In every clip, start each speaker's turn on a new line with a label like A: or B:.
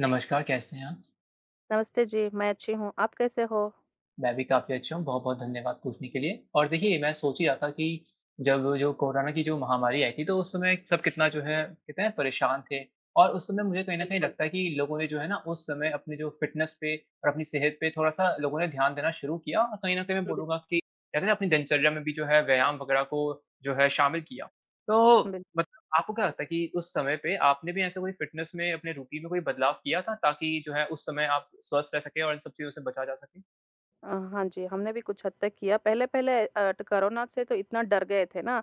A: नमस्कार, कैसे हैं आप?
B: नमस्ते जी, मैं अच्छी हूँ, आप कैसे हो?
A: मैं भी काफ़ी अच्छा हूँ बहुत-बहुत धन्यवाद पूछने के लिए। और देखिए मैं सोच ही रहा था कि जब जो कोरोना की जो महामारी आयी थी तो उस समय सब कितना जो है कितने परेशान थे। और उस समय मुझे कहीं न कहीं
B: बिल्कुल।
A: लगता है कि लोगों ने जो है ना उस समय अपनी जो फिटनेस पे अ, अपनी सेहत पे थोड़ा-सा लोगों ने ध्यान देना शुरू किया। और कहीं न कहीं मैं
B: हाँ,
A: बोलूँगा
B: बिल्कुल।
A: कि कहते ना अपनी दिनचर्या में भी जो है व्यायाम वग़ैरह को जो है शामिल किया। तो
B: हाँ, बिल
A: मतलब आपको क्या लगता है कि उस समय पे आपने भी ऐसा कोई फिटनेस में अपने रूटीन में कोई बदलाव किया था ताकि जो है उस समय आप स्वस्थ रह सकें और इन सब चीज़ों से बचा जा सकें?
B: अ, हाँ जी हमने भी कुछ हद तक किया पहले-पहले एट कोरोना से तो इतना डर गए थे ना,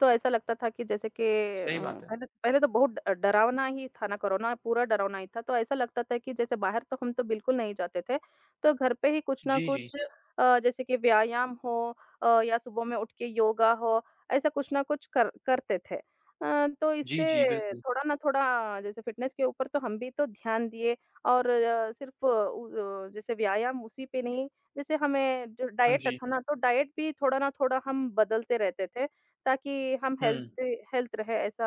B: तो ऐसा लगता था कि जैसे के
A: सही
B: उम,
A: बात है।
B: पहले पहले तो बहुत अ, डरावना ही था ना कोरोना, पूरा डरावना ही था। तो ऐसा लगता था कि जैसे बाहर तो हम तो बिल्कुल नहीं जाते थे तो घर पे ही कुछ न
A: जी, जी।
B: कुछ अ, जैसे कि व्यायाम हो अ, या सुबह में उठ के योगा हो ऐसा कुछ न कुछ कर करते थे। अ, तो
A: जी, जी
B: इससे
A: बिल्कुल।
B: थोड़ा न थोड़ा, जैसे फिटनेस के ऊपर तो हम भी तो ध्यान दिए और अ, सिर्फ़ उ य जैसे व्यायाम उसी पे नहीं जैसे हमें जो
A: हाँ
B: डाइट
A: जी।
B: था ना तो डाइट भी थोड़ा न थोड़ा हम बदलते रहते थे ताकि हम
A: हुँ।
B: हेल्दी हेल्थ रहे ऐसा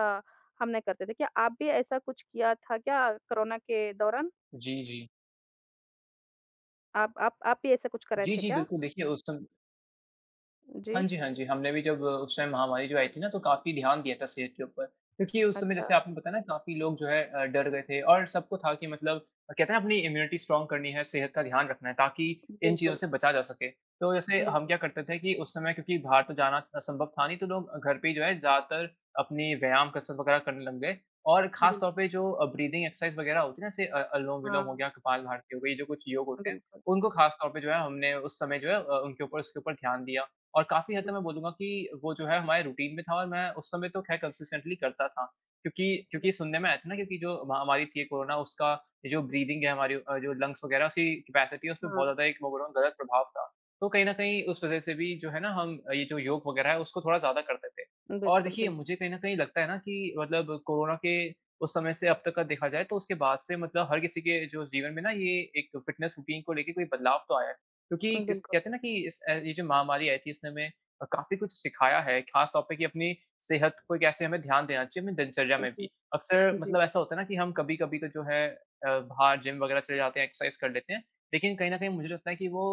B: हम नहीं करते थे। क्या आप भी ऐसा कुछ किया था क्या कोरोना के दौरान?
A: जी, जी।
B: आप आप आप भी ऐसा कुछ कर रहे
A: जी,
B: थे
A: जी
B: क्या?
A: बिल्कुल देखिए उस सम हाँ
B: जी।
A: जी, हाँ जी। हमने भी जब उस टाइम महामारी जो आयी थी ना तो काफ़ी ध्यान दिया था सेहत के ऊपर। क्योंकि उस समय
B: अच्छा।
A: जैसे आपने बताया ना काफ़ी लोग जो है अ, डर गए थे और सबको था कि मतलब अ, कहते है अपनी इम्यूनिटी स्ट्रांग करनी है, सेहत का ध्यान रखना है ताकि इन चीज़ों
B: बिल्कुल।
A: से बचा जा सके। तो जैसे
B: अ,
A: हम
B: बिल्कुल।
A: क्या करते थे कि उस समय क्योंकि बाहर तो जाना अ, संभव था नहीं तो लोग घर पे ही जो है ज़्यादातर अपनी व्यायाम, कसरत वग़ैरह करने लग गए। और
B: अ,
A: ख़ास
B: बिल्क
A: तौर पे जो अ, ब्रीदिंग एक्सरसाइज़ वग़ैरह होती है ना जैसे अ, अनुलोम-विलोम हो
B: हाँ।
A: गया, कपालभाति हो गयी ये जो कुछ योग
B: अ,
A: होते हैं
B: बिल्कुल।
A: उनको खास तौर पे जो है हमने उस समय जो है अ, उनके ऊपर उसके ऊपर ध्यान दिया। और काफ़ी हद तक
B: बिल
A: मैं बोलूँगा कि वो जो है हमारे रूटीन में था और मैं उस समय तो ख़ैर कंसिस्टेंटली करता था। क्योंकि
B: अ,
A: क्योंकि
B: बिल
A: सुनने में आया था ना क्योंकि जो महामारी थी कोरोना उसका ये जो ब्रीदिंग है हमारी अ, जो लंग्स वग़ैरह सी कैपेसिटी है उसपे बहुत
B: हाँ।
A: ज़्यादा एक ओवरऑल गलत प्रभाव था। तो कहीं न कहीं उस वजह से भी जो है ना हम ये जो योग वग़ैरह है उसको थोड़ा ज़्यादा करते थे। और
B: बिल्कुल
A: देखिए
B: बिल्क
A: मुझे कहीं न कहीं लगता है ना कि मतलब कोरोना के उस समय से अब तक का देखा जाए तो उसके बाद से मतलब हर किसी के जो जीवन में ना ये एक फ़िटनेस रूटीन को लेके कोई बदलाव तो आया है।
B: अ,
A: क्योंकि किस
B: बिल्कुल।
A: कहते है ना कि इस अ, ये जो महामारी आयी थी उसने हमें काफ़ी कुछ सिखाया है ख़ास तौर पे कि अपनी सेहत को कैसे हमें ध्यान देना चाहिए हमें दिनचर्या
B: हाँ
A: में
B: जी,
A: भी। अक्सर
B: जी।
A: मतलब ऐसा होता है ना कि हम कभी-कभी तो जो है अ, बाहर जिम वग़ैरह चले जाते हैं, एक्सरसाइज़ कर लेते हैं। लेकिन कहीं न कहीं मुझे लगता है कि वो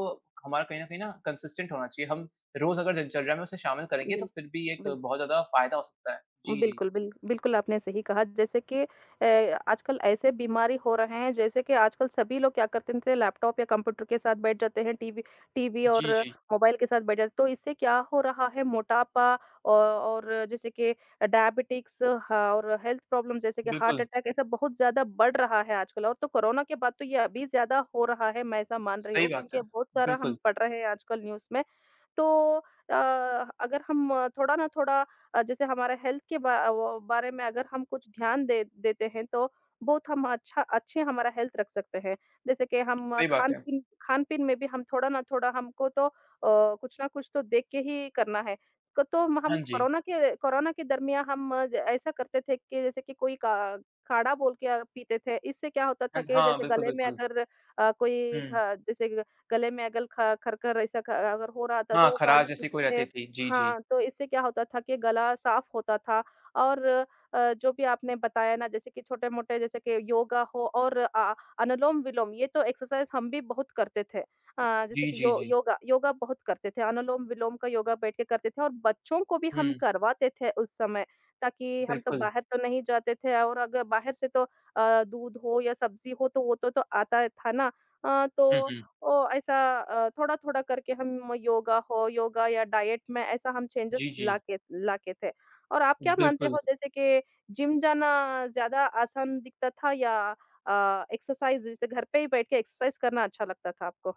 A: हमारा कहीं न कहीं ना कंसिस्टेंट होना चाहिए। हम रोज़ अगर दिनचर्या में उसे शामिल करेंगे तो
B: बिल्क
A: फिर भी एक
B: बिल्क
A: बहुत ज़्यादा फ़ायदा हो सकता है। जी, जी।
B: बिल्कुल बिल्क बिल्कुल आपने सही कहा जैसे कि अ, आजकल ऐसे बीमारी हो रहे हैं जैसे कि आजकल सभी लोग क्या करते थे लैपटॉप या कंप्यूटर के साथ बैठ जाते हैं। टीवी टीवी और
A: जी, जी।
B: मोबाइल के साथ बैठ जाते हैं। तो इससे क्या हो रहा है मोटापा औ और जैसे के अ, डायबिटीज़ और हेल्थ प्रॉब्लम जैसे कि हार्ट
A: बिल्कुल।
B: अटैक ऐसा बहुत ज़्यादा बढ़ रहा है आजकल। और तो कोरोना के बाद तो ये अभी ज़्यादा हो रहा है, मैं ऐसा मान रही
A: सही
B: हूँ
A: बात
B: क्योंकि
A: है।
B: बहुत सारा हम
A: बिल्कुल।
B: पढ़ रहे हैं आजकल न्यूज़ में। तो अ, अगर हम थोड़ा ना थोड़ा जैसे हमारा हेल्थ के बा व बारे में अगर हम कुछ ध्यान दे देते हैं तो बहुत हम अच्छा अच्छी हमारा हेल्थ रख सकते हैं। जैसे कि हम
A: सही बात है।
B: खान-पीन खान-पीन में भी हम थोड़ा ना थोड़ा हमको तो अ, कुछ ना कुछ तो देख के ही करना है। तो हम
A: हाँ जी।
B: कोरोना के कोरोना के दरमियाँ हम ज ऐसा करते थे कि जैसे कि कोई का अ, काढ़ा बोल के य पीते थे। इससे क्या होता था
A: अन
B: के
A: हाँ
B: जैसे
A: बिल्कुल,
B: गले में
A: बिल्कुल।
B: अगर अ, कोई
A: हुँ।
B: ख जैसे गले में अगर ख खर-खर ऐसा ख अगर हो रहा था तो
A: हाँ
B: वो
A: ख़राश
B: काढ़ा
A: जैसी
B: पीते
A: कोई रहती
B: थे।
A: थी। जी, जी।
B: हाँ, तो इससे क्या होता था के गला साफ़ होता था और अ, जो भी आपने बताया ना जैसे कि छोटे-मोटे जैसे कि योगा हो और अ, अनुलोम-विलोम ये तो एक्सरसाइज़ हम भी बहुत करते थे। अ, जैसे
A: जी,
B: कि
A: जी,
B: यो
A: जी।
B: योगा योगा बहुत करते थे। अनुलोम-विलोम का योगा बैठ के करते थे और बच्चों को भी हम
A: हुँ।
B: करवाते थे उस समय। ताकि हम तो
A: बिल्कुल।
B: बाहर तो नहीं जाते थे और अगर बाहर से तो अ, दूध हो या सब्जी हो तो वो तो आता था ना। अ,
A: हुँ,
B: तो
A: हुँ।
B: ओ ऐसा अ, थोड़ा-थोड़ा करके हम योगा हो योगा या डाइट में ऐसा हम चेंज़ेस
A: जी, जी।
B: लाते लाते थे। और आप क्या मानते
A: बिल्कुल।
B: हो जैसे के जिम जाना ज़्यादा आसान दिखता था या अ, एक्सरसाइज़ जैसे घर पे ही बैठ के एक्सरसाइज़ करना अच्छा लगता था आपको?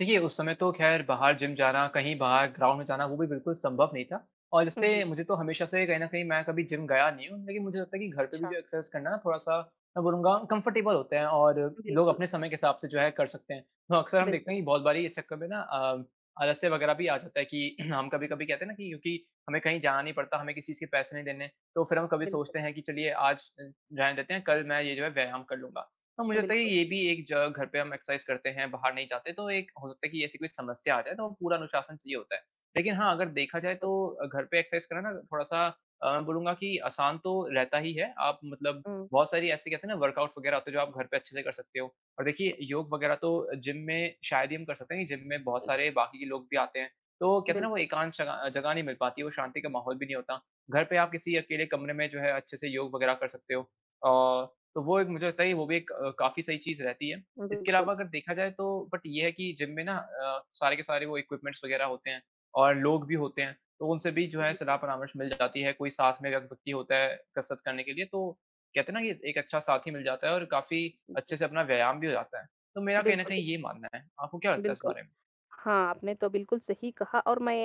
A: देखिए, उस समय तो ख़ैर बाहर जिम जाना, कहीं बाहर ग्राउंड में जाना, वो भी बिल्कुल संभव नहीं था और
B: हुँ,
A: इससे
B: जी।
A: मुझे तो हमेशा से, कहीं न कहीं मैं कभी जिम गया नहीं हूँ, लेकिन मुझे लगता है कि घर पे भी
B: अच्छा।
A: जो एक्सरसाइज़ करना है ना, थोड़ा-सा, मैं बोलूँगा कम्फ़र्टेबल होते हैं और लोग
B: बिल्कुल।
A: अपने समय के हिसाब से जो है, कर सकते हैं। तो अक़्सर हम देखते
B: बिल्कुल।
A: हैं कि बहुत बारी इस चक्कर में ना अ, आलस्य वग़ैरह भी आ जाता है कि हम कभी-कभी कहते हैं ना कि क्योंकि हमें कहीं जाना नहीं पड़ता, हमें किसी चीज़ के पैसे नहीं देने, तो फिर हम कभी
B: बिल्कुल।
A: सोचते हैं कि, "चलिए, आज अ, रहने देते हैं। कल मैं ये जो है, व्यायाम कर लूँगा।" तो मुझे लगता है कि
B: बिल्कुल।
A: ये भी एक ज घर पे हम एक्सरसाइज़ करते हैं, बाहर नहीं जाते, तो एक हो सकता है कि ऐसी कोई समस्या आ जाए, तो पूरा अनुशासन चाहिए होता है। लेकिन हाँ, अगर देखा जाए,
B: बिल्कुल।
A: तो अ, घर पे एक्सरसाइज़ करना ना, थोड़ा-सा अ, बोलूँगा कि आसान तो रहता ही है। आप मतलब
B: हुँ।
A: बहुत सारी, ऐसी कहते हैं ना, वर्कआउट वग़ैरह होते हैं, जो आप घर पे अच्छे से कर सकते हो और देखिए, योग वग़ैरह तो जिम में शायद ही हम कर सकते हैं क्योंकि जिम में बहुत
B: [unintelligible]
A: सारे बाकी के लोग भी आते हैं, तो कहते हैं ना, वो
B: बिल्कुल।
A: एकांत शग अ, जगह नहीं मिल पाती, वो शांति का माहौल भी नही होता। घर पे आप किसी अकेले कमरे में जो है, अच्छे से योग वग़ैरह कर सकते हो और तो वो एक मुझे लगता है कि वो भी एक काफ़ी सही चीज़ रहती है। इसके अलावा,
B: बिल्कुल।
A: अगर देखा जाए, तो बट ये है कि जिम में ना अ, सारे के सारे वो इक्विपमेंट्स वग़ैरह होते हैं और लोग भी होते हैं, तो उनसे भी जो है,
B: बिल्कुल।
A: सलाह-परामर्श मिल जाती है। कोई साथ में व्यक्ति होता है, कसरत करने के लिए, तो कहते हैं ना कि एक अच्छा साथी मिल जाता है और काफ़ी अच्छे
B: जी।
A: से अपना व्यायाम भी हो जाता है। तो मेरा कहीं न
B: बिल्कुल,
A: कहीं
B: बिल
A: ये मानना है। आपको क्या लगता है इस
B: बिल्कुल।
A: बारे में?
B: हाँ, आपने तो बिल्कुल सही कहा और मैं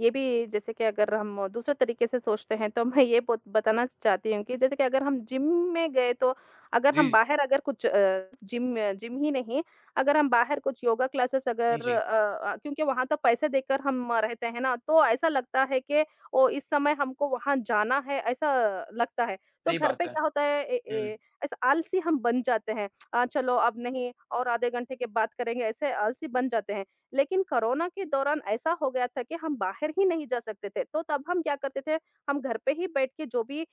B: ये भी जैसे कि अगर हम दूसरे तरीके से सोचते हैं, तो मैं ये बोत बताना चाहती हूँ कि जैसे कि अगर हम जिम में गए, तो अगर हम
A: जी।
B: बाहर अगर कुछ अ, जिम जिम ही नहीं, अगर हम बाहर कुछ योगा क्लासेस
A: हाँ
B: अगर अ
A: जी।
B: अ, क्योंकि वहाँ तो पैसे देकर हम रहते हैं ना, तो ऐसा लगता है कि ओ, इस समय हमको वहाँ जाना है, ऐसा लगता है। तो
A: सही
B: घर
A: बात
B: पे
A: है।
B: क्या होता है, ए ए
A: हुँ।
B: ऐसा आलसी हम बन जाते हैं अ, "चलो, अब नहीं, और आधे घंटे के बाद करेंगे।' ऐसे आलसी बन जाते हैं। लेकिन कोरोना के दौरान ऐसा हो गया था कि हम बाहर ही नहीं जा सकते थे, तो तब हम क्या करते थे, हम घर पे ही बैठ के जो भी अ,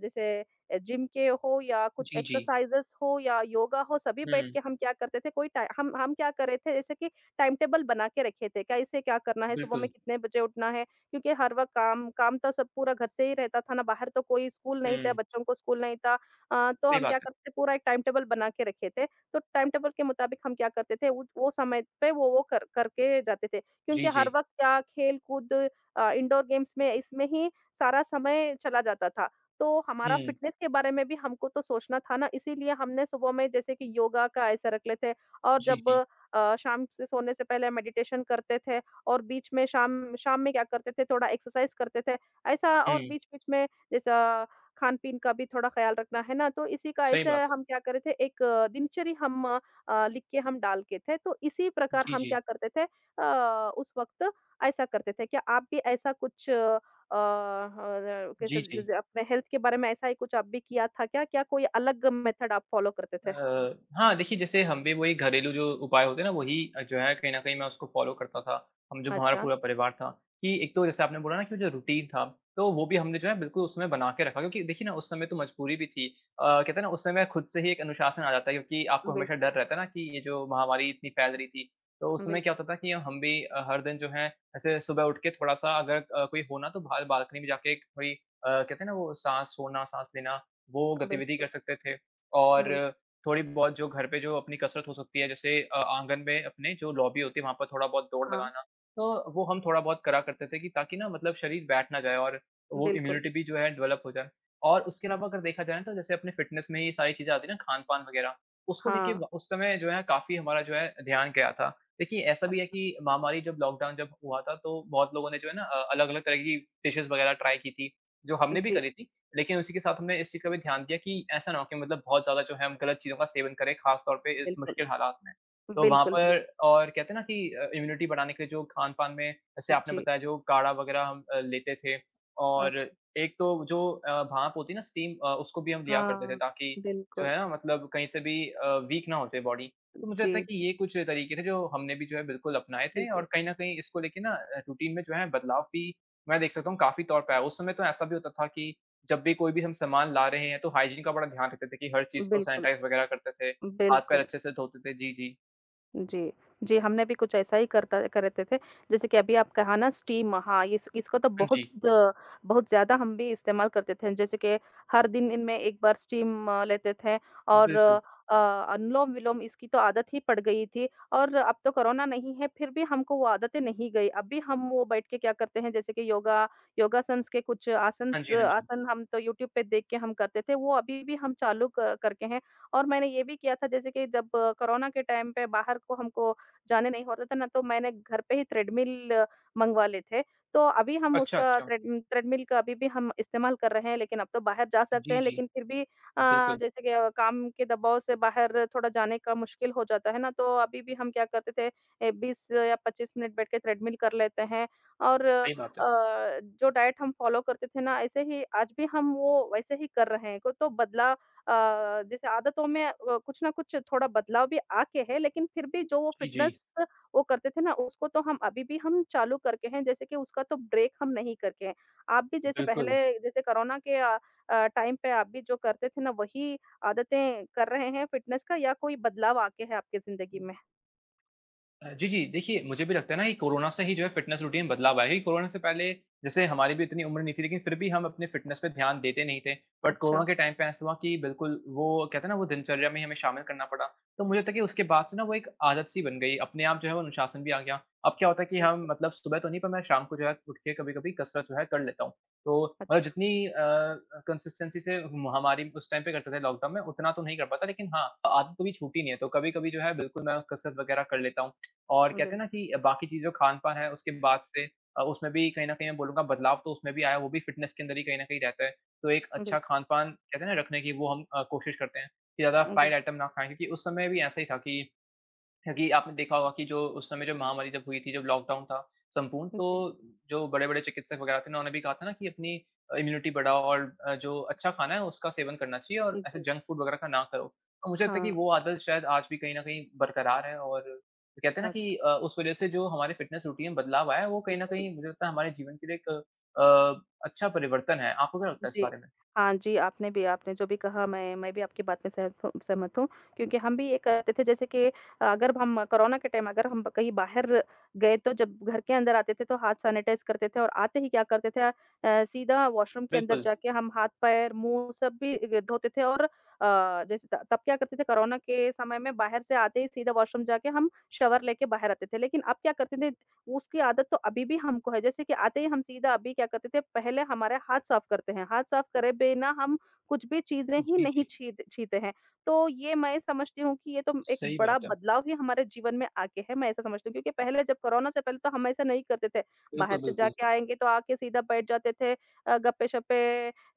B: जैसे अ, जिम के हो या
A: जी, जी।
B: एक्सरसाइज़ेज़ कुछ हों या योगा हो, सभी बैठ के
A: हुँ।
B: हम क्या करते थे, कोई टाइ हम हम क्या कर रहे थे, जैसे कि टाइम टेबल बना के रखे थे। कैसे क्या करना है, सुबह में
A: बिल्कुल।
B: कितने बजे उठना है, क्योंकि हर वक़्त काम काम तो सब पूरा घर से ही रहता था ना, बाहर तो कोई स्कूल नहीं था,
A: हुँ।
B: बच्चों को स्कूल नहीं था। अ, तो
A: सही
B: हम
A: बात
B: क्या
A: है।
B: करते थे, पूरा एक टाइम टेबल बना के रखे थे। तो टाइम टेबल के मुताबिक हम क्या करते थे, उत वो समय पे वो वो कर करके जाते थे,
A: जी,
B: क्योंकि हर
A: जी।
B: वक़्त क्या, खेल-कूद अ, इंडोर गेम्स में, इसमें ही सारा समय चला जाता था। तो हमारा
A: हुँ।
B: फ़िटनेस के बारे में भी हमको तो सोचना था ना, इसीलिए हमने सुबह में जैसे कि योगा का ऐसा रख लेते और
A: जी,
B: जब
A: जी।
B: अ, शाम से सोने से पहले मेडिटेशन करते थे और बीच में शाम शाम में क्या करते थे, थोड़ा एक्सरसाइज़ करते थे। ऐसा, और
A: हुँ।
B: बीच-बीच में जैसा खान-पीन का भी थोड़ा ख़्याल रखना, है ना? तो इसी का
A: सही
B: ऐसे
A: बात है।
B: हम क्या कर रहे थे, एक दिनचर्या हम अ, लिख के हम डालते थे, तो इसी प्रकार
A: जी,
B: हम
A: जी।
B: क्या करते थे अ, उस वक़्त, ऐसा करते थे। क्या आप भी ऐसा कुछ अ, [unintelligible] कैसा
A: जी,
B: ज
A: जी।
B: जैसे अपने हेल्थ के बारे में ऐसा ही कुछ आप भी किया था क्या? क्या कोई अलग मेथड आप फ़ॉलो करते थे?
A: अ, हाँ, देखिए, जैसे हम भी वही घरेलू जो उपाय होते हैं ना, वही जो है, कहीं न कहीं मैं उसको फ़ॉलो करता था, हम जो हमारा
B: अच्छा।
A: पूरा परिवार था, कि एक तो जैसे आपने बोला ना कि वो जो रुटीन था, तो वो भी हमने जो है, बिल्कुल उसमें बना के रखा क्योंकि देखिए ना, उस समय तो मजबूरी भी थी। अ, कहते हैं ना, उस समय खुद से ही एक अनुशासन आ जाता है, क्योंकि आपको हमेशा
B: बिल्कुल।
A: डर रहता है ना कि ये जो महामारी इतनी फैल रही थी, तो उस समय
B: बिल्कुल।
A: क्या होता था कि हम हम भी अ, हर दिन जो है, ऐसे सुबह उठ के थोड़ा-सा, अगर अ, कोई हो ना, तो बाहर बाल्कनी में जाके एक कोई अ, कहते हैं ना, वो साँस छोड़ना, साँस लेना, वो गतिविधि कर
B: बिल्कुल।
A: सकते थे और
B: बिल
A: थोड़ी-बहुत जो घर पे जो अपनी कसरत हो सकती है, जैसे अ, आँगन में अपने जो लॉबी होती है ,वहाँ पर थोड़ा बहुत दौड़
B: हाँ।
A: लगाना। तो वो हम थोड़ा बहुत करा करते थे कि ताकि ना, मतलब शरीर बैठ ना जाए और वो
B: बिल्कुल।
A: इम्यूनिटी भी जो है, डेवलप हो जाए और उसके अलावा अगर देखा जाए ना, तो जैसे अपने फ़िटनेस में ही ये सारी चीज़ें आती हैं ना, खान-पान वग़ैरह, उसको लेके
B: हाँ।
A: व उस समय जो है, काफ़ी हमारा जो है, ध्यान गया था। देखिए, ऐसा भी है
B: अच्छा।
A: कि महामारी जब लॉकडाउन जब हुआ था, तो बहुत लोगों ने जो है ना अ, अलग-अलग तरह की डिशेज़ वग़ैरह ट्राय की थी, जो हमने भी
B: जी।
A: करी थी, लेकिन उसी के साथ हमने इस चीज़ का भी ध्यान दिया कि ऐसा ना हो कि मतलब बहुत ज़्यादा जो है, हम गलत चीज़ों का सेवन करें, ख़ास तौर पे इस
B: बिल्कुल।
A: मुश्किल हालात में। तो वहाँ
B: बिल्कुल, बिल
A: पर और कहते हैं ना कि अ, इम्यूनिटी बढ़ाने के लिए जो खान-पान में, जैसे आपने
B: जी।
A: बताया, जो काढ़ा वग़ैरह हम अ, लेते थे और
B: अच्छा।
A: एक तो जो अ, भाँप होती है ना, स्टीम अ, उसको भी हम लिया करते थे,
B: हाँ।
A: ताकि जो
B: बिल्कुल।
A: है ना, मतलब कहीं से भी अ, वीक ना हो जाए बॉडी। तो मुझे लगता है
B: जी,
A: कि
B: जी।
A: ये कुछ तरीके थे, जो हमने भी जो है, बिल्कुल अपनाए थे और
B: बिल्कुल।
A: कहीं न कहीं इसको लेके ना अ, रुटीन में जो हैं, बदलाव भी, मैं देख सकता हूँ, काफ़ी तौर पे आया। उस समय तो ऐसा भी होता था कि जब भी कोई भी हम सामान ला रहे हैं, तो हाइजीन का बड़ा ध्यान रखते थे कि हर चीज़ को
B: बिल्कुल।
A: सैनिटाइज़ वग़ैरह करते थे, हाथ-पैर
B: बिल्कुल।
A: अच्छे से धोते थे। जी, जी।
B: जी। जी, हमने भी कुछ ऐसा ही कर क करते थे। जैसे कि अभी आप कहा ना स्टीम हाँ, इस इसको तो
A: हाँ
B: बहुत
A: जी।
B: द बहुत ज़्यादा हम भी इस्तेमाल करते थे जैसे कि हर दिन इनमें एक बार स्टीम अ, लेते थे और
A: बिल्कुल।
B: अ, अनुलोम-विलोम इसकी तो आदत ही पड़ गई थी और अब तो कोरोना नहीं है फ़िर भी हमको वो आदतें नहीं गईं। अब भी हम वो बैठ के क्या करते हैं जैसे कि योगा। योगासन्स के कुछ
A: हाँ
B: आसनस
A: जी, हाँ जी।
B: आसन हम तो यूट्यूब पे देख के हम करते थे वो अभी-भी हम चालू क करके हैं। और मैंने ये भी किया था जैसे कि जब कोरोना के टाइम पे बाहर को हमको जाने नहीं होता था ना तो मैंने घर पे ही ट्रेडमिल मँगवा लिए थे। तो अभी हम
A: अच्छा,
B: उसका
A: अच्छा।
B: ट्रेड ट्रेडमिल का अभी भी हम इस्तेमाल कर रहे हैं। लेकिन अब तो बाहर जा सकते
A: जी,
B: हैं
A: जी।
B: लेकिन फ़िर भी
A: अ,
B: अ,
A: बिल्कुल।
B: जैसे कि काम के दबाव से बाहर थोड़ा जाने का मुश्किल हो जाता है ना, तो अभी-भी हम क्या करते थे ए 20 या 25 मिनट बैठ के ट्रेडमिल कर लेते हैं। और अ,
A: सही बात है।
B: जो डाइट हम फ़ॉलो करते थे ना ऐसे ही आज भी हम वो वैसे ही कर रहे हैं तो बदलाव अ, जैसे आदतों में वो कुछ न कुछ थोड़ा बदलाव भी आके हैं लेकिन फ़िर भी जो वो
A: जी, जी।
B: फ़िटनेस वो करते थे ना, उसको तो हम अभी-भी हम चालू करके हैं। जैसे कि उसका तो ब्रेक हम नहीं करके हैं। आप भी जैसे
A: बिल्कुल।
B: पहले जैसे कोरोना के अ अ, टाइम पे आप भी जो करते थे ना वही आदतें कर रहे हैं फ़िटनेस का? या कोई बदलाव आके हैं आपकी ज़िंदगी में?
A: अ, जी, जी। देखिए मुझे भी लगता है ना कि कोरोना से ही जो है फ़िटनेस रूटीन बदलाव आया है। कोरोना से पहले जैसे हमारी भी इतनी उम्र नहीं थी लेकिन फ़िर भी हम अपने फ़िटनेस पे ध्यान देते नहीं थे बट कोरोना
B: अच्छा।
A: के टाइम पे ऐसा हुआ कि बिल्कुल वो कहते हैं ना वो दिनचर्या में ही हमें शामिल करना पड़ा। तो मुझे लगता है कि उसके बाद से ना वो एक आदत-सी बन गई अपने आप जो है वो अनुशासन भी आ गया। अब क्या होता है कि हम
B: बिल्कुल।
A: मतलब सुबह तो नहीं पर मैं शाम को जो है उठ के कभी-कभी कसरत जो है कर लेता हूँ। तो अ,
B: अच्छा।
A: जितनी अ अ, कंसिस्टेंसी से महामारी उस टाइम पे करते थे लॉकडाउन में उतना तो नहीं कर पाता लेकिन हाँ आदत अभी छूटी नहीं है तो कभी-कभी जो है बिल्कुल मैं कसरत वग़ैरह कर लेता हूँ और
B: अ,
A: कहते
B: बिल
A: हैं ना कि बाकी चीज़ जो खान-पान है उसके बाद से अ, उसमें भी कहीं न कहीं मैं बोलूँगा बदलाव तो उसमें भी आया वो भी फ़िटनेस के अंदर ही कहीं न कहीं रहता है। तो एक
B: बिल
A: अच्छा खान-पान कहते हैं ना रखने की वो हम अ, कोशिश करते हैं की ज़्यादा
B: अ,
A: फ़्राइड
B: बिल
A: आइटम ना खाएँ क्योंकि उस समय भी ऐसा ही था कि कि आपने देखा होगा कि जो उस समय जो महामारी जब हुई थी जब लॉकडाउन था संपूर्ण
B: जी।
A: तो, जो बड़े-बड़े चिकित्सक वग़ैरह थे ना उन्होंने भी कहा था ना कि अपनी इम्यूनिटी बढ़ाओ और अ, जो अच्छा खाना है उसका सेवन करना चाहिए और ऐसे
B: जी।
A: जंक फूड वग़ैरह का ना करो। तो मुझे लगता है की
B: हाँ।
A: वो आदत शायद आज भी कहीं न कहीं बरकरार है और कहते हैं ना
B: अच्छा।
A: कि अ, उस वजह से जो हमारी फ़िटनेस रूटीन में बदलाव आया है वो कहीं न
B: बिल्कुल।
A: कहीं मुझे लगता है हमारे जीवन के लिए एक अ अच्छा परिवर्तन है आपको क्या लगता है इस
B: जी।
A: बारे में?
B: हाँ जी, आपने भी, आपने जो भी कहा मैं मैं भी आपकी बात से सहम सहमत हूँ क्योंकि हम भी ये करते थे जैसे कि अगर हम कोरोना के टाइम अगर हम कहीं बाहर गए तो जब घर के अंदर आते थे तो हाथ सैनिटाइज़ करते थे और आते ही क्या करते थे अ, सीधा वॉशरूम के अंदर
A: बिल्कुल।
B: जाके हम हाथ, पैर, मुँह सब भी धोते थे और अ, जैसे त तब क्या करते थे कोरोना के समय में बाहर से आते ही सीधा वॉशरूम जाके हम शावर लेके बाहर आते थे। लेकिन अब क्या करते न उसकी आदत तो अभी-भी हमको है। जैसे कि आते ही हम सीधा अभी क्या करते थे पहले हमारे हाथ साफ़ करते हैं। हाथ साफ़ करे बिना हम कुछ भी चीज़ें ही
A: जी,
B: नहीं
A: जी।
B: छी छीते हैं। तो ये मैं समझती हूँ कि ये तो एक
A: सही
B: बड़ा
A: बात है।
B: बदलाव है हमारे जीवन में आ गया है। मैं ऐसा समझती हूँ क्योंकि पहले जब कोरोना से पहले तो हम ऐसा नहीं करते थे। बाहर
A: बिल्कुल,
B: से
A: बिल्कुल।
B: जाके आएँगे तो आ के सीधा बैठ जाते थे, अ, गप्पे-शप्पे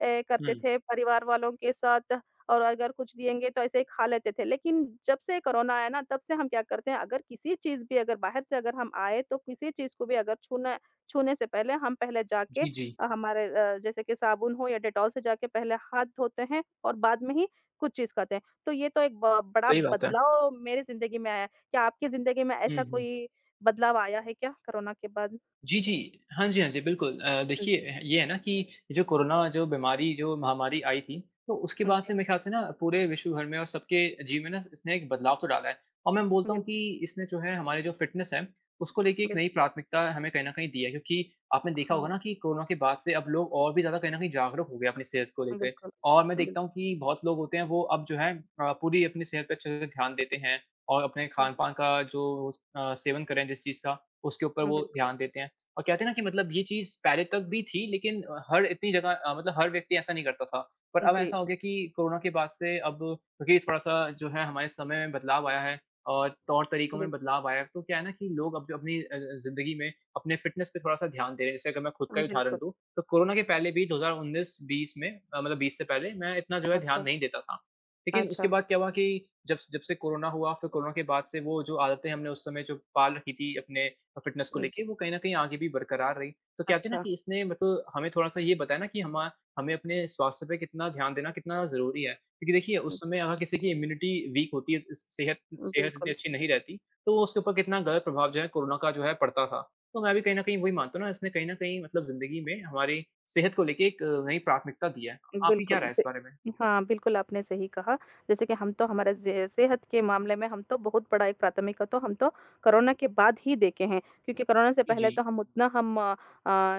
B: ऐ करते
A: हुँ।
B: थे परिवार वालों के साथ और अगर कुछ दिएँगे तो ऐसे ही खा लेते थे। लेकिन जब से कोरोना आया ना तब से हम क्या करते हैं अगर किसी चीज़ भी अगर बाहर से अगर हम आए तो किसी चीज़ को भी अगर छूना छूने से पहले हम पहले जाके
A: जी, जी।
B: अ, हमारे अ, जैसे कि साबुन हो या डेटॉल से जाके पहले हाथ धोते हैं और बाद में ही कुछ चीज़ करते हैं। तो ये तो एक ब बड़ा
A: सही बात है।
B: बदलाव मेरी ज़िंदगी में आया है। क्या आपकी ज़िंदगी में
A: हुँ,
B: ऐसा
A: हुँ।
B: कोई बदलाव आया है क्या कोरोना के बाद?
A: जी, जी। हाँ जी, हाँ जी बिल्कुल। अ,
B: हाँ
A: देखिए
B: जी।
A: अ, ये है ना कि जो कोरोना जो बीमारी जो महामारी आई थी तो उसके
B: हाँ
A: बाद से
B: जी।
A: मेरे ख्याल से ना पूरे विश्व भर में और सबके जीवन में ना इसने एक बदलाव तो डाला है। और मैं बोलता हूँ
B: बिल
A: कि इसने जो है हमारे जो फ़िटनेस है उसको लेके एक
B: बिल
A: नई प्राथमिकता हमें कहीं न कहीं दी है। क्योंकि आपने देखा होगा
B: हाँ।
A: ना कि कोरोना के बाद से अब लोग और भी ज़्यादा कहीं न कहीं जागरूक हो गए हैं अपनी सेहत को
B: अ,
A: लेके।
B: बिल्कुल,
A: और मैं
B: बिल
A: देखता हूँ कि बहुत लोग होते हैं वो अब जो है अ, पूरी अपनी सेहत पे अच्छे से ध्यान देते हैं और अपने
B: हुँ।
A: खान-पान का जो अ, सेवन करे जिस चीज़ का उसके ऊपर
B: हाँ,
A: वो
B: बिल्कुल।
A: ध्यान देते हैं और कहते हैं ना कि मतलब ये चीज़ पहले तक भी थी लेकिन अ, हर इतनी जगह मतलब हर व्यक्ति ऐसा नहीं करता था पर अब ऐसा
B: जी।
A: हो गया कि कोरोना के बाद से अब क्योंकि थोड़ा-सा जो है हमारे समय में बदलाव आया है और तौर-तरीकों में
B: बिल्कुल।
A: बदलाव आया है तो क्या है ना कि लोग अब जो अपनी अ अ, ज़िंदगी में अपने फ़िटनेस पे थोड़ा-सा ध्यान दे रहे हैं। जैसे अगर मैं ख़ुद का
B: हाँ,
A: ही उदाहरण
B: बिल्कुल।
A: दूँ तो कोरोना के पहले भी 2019-20 में अ, मतलब 20 से पहले मैं इतना जो है ध्यान
B: अच्छा।
A: नहीं देता था। लेकिन उसके
B: अच्छा।
A: बाद क्या हुआ की जब स जब से कोरोना हुआ फ़िर कोरोना के बाद से वो जो आदतें हमने उस समय जो पाल रखी थी अपने अ, फ़िटनेस को
B: अ, जी।
A: लेके वो कहीं न कहीं आगे भी बरकरार रही तो कहते हैं ना
B: अच्छा।
A: कि इसने मतलब हमे थोड़ा-सा ये बताया ना कि हम अ, हमें अपने स्वास्थ्य पे कितना ध्यान देना कितना ज़रूरी है। क्योंकि देखिए, उस
B: हुँ।
A: समय अगर किसी की इम्यूनिटी वीक होती है, इस स सेहत
B: उम,
A: सेहत इतनी
B: बिल्कुल।
A: अच्छी नहीं रहती तो उसके ऊपर कितना ग़लत प्रभाव जो है कोरोना का जो है पड़ता था। तो मैं भी कहीं न कहीं वही मानता हूँ ना इसने कहीं न कहीं मतलब ज़िंदगी में हमारी सेहत को लेके एक नई प्राथमिकता दी है। आपकी क्या
B: बिल्कुल
A: राय है इस
B: जी।
A: बारे में?
B: हाँ, बिल्कुल आपने सही कहा जैसे कि हम तो हमारे ज सेहत के मामले में हम तो बहुत बड़ा एक प्राथमिकता तो हम तो कोरोना के बाद ही देखे हैं क्योंकि कोरोना से पहले
A: जी।
B: तो हम उतना हम अ,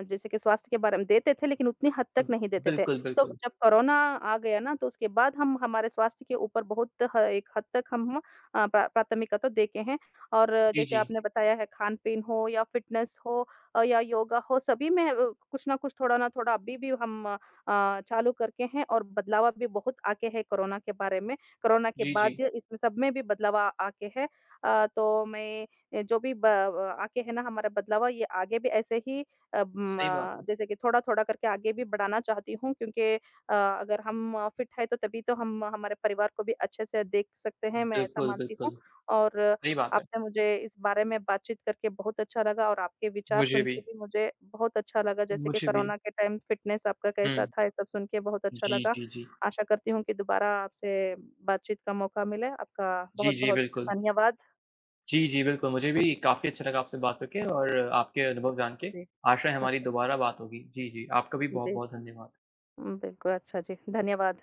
B: जैसे कि स्वास्थ्य के बारे में देते थे लेकिन उतनी हद
A: अ,
B: तक नहीं देते थे।
A: बिल्कुल,
B: तो
A: बिल्कुल।
B: जब कोरोना आ गया ना तो उसके बाद हम हमारे स्वास्थ्य के ऊपर बहुत ह एक हद तक हम अ, प्रा प्राथमिकता देखे हैं और
A: जी,
B: जैसे
A: जी।
B: आपने बताया है खान-पीन हो या फिटनेस हो अ, या योगा हो सभी में कुछ न कुछ थोड़ा ना थोड़ा अभी-भी हम अ, चालू करके हैं और बदलावा भी बहुत आ गया है कोरोना के बारे में कोरोना के
A: जी,
B: बाद
A: जी।
B: इस सब में भी बदलाव आगे है। अ, तो मैं जो भी ब अ आके है ना हमारा बदलावा ये आगे भी ऐसे ही अम
A: सही बात है।
B: जैसे कि थोड़ा-थोड़ा करके आगे भी बढ़ाना चाहती हूँ। क्योंकि अ अगर हम फ़िट है तो तभी तो हम हमारे परिवार को भी अच्छे से देख सकते हैं। मैं ऐसा
A: बिल्कुल,
B: मानती हूँ
A: बिल्कुल।
B: और
A: सही बात है।
B: आपने मुझे इस बारे में बातचीत करके बहुत अच्छा लगा और आपके विचार
A: मुझे
B: सुनके
A: भी।
B: भी मुझे बहुत अच्छा लगा जैसे कि
A: मुझे भी।
B: कोरोना के टाइम फ़िटनेस आपका कैसा
A: हुँ।
B: था ये सब सुनके बहुत अच्छा
A: जी,
B: लगा।
A: जी, जी।
B: आशा करती हूँ कि दोबारा आपसे बातचीत का मौका मिले। आपका
A: जी, जी,
B: बहुत-बहुत
A: बिल्कुल।
B: धन्यवाद।
A: जी, जी, बिल्कुल। मुझे भी काफ़ी अच्छा लगा आपसे बात करके और आपके अनुभव जान के।
B: जी।
A: आशा है हमारी
B: अच्छा।
A: दोबारा बात होगी। जी, जी आपका भी
B: जी।
A: बहुत-बहुत धन्यवाद।
B: बिल्कुल, अच्छा जी धन्यवाद।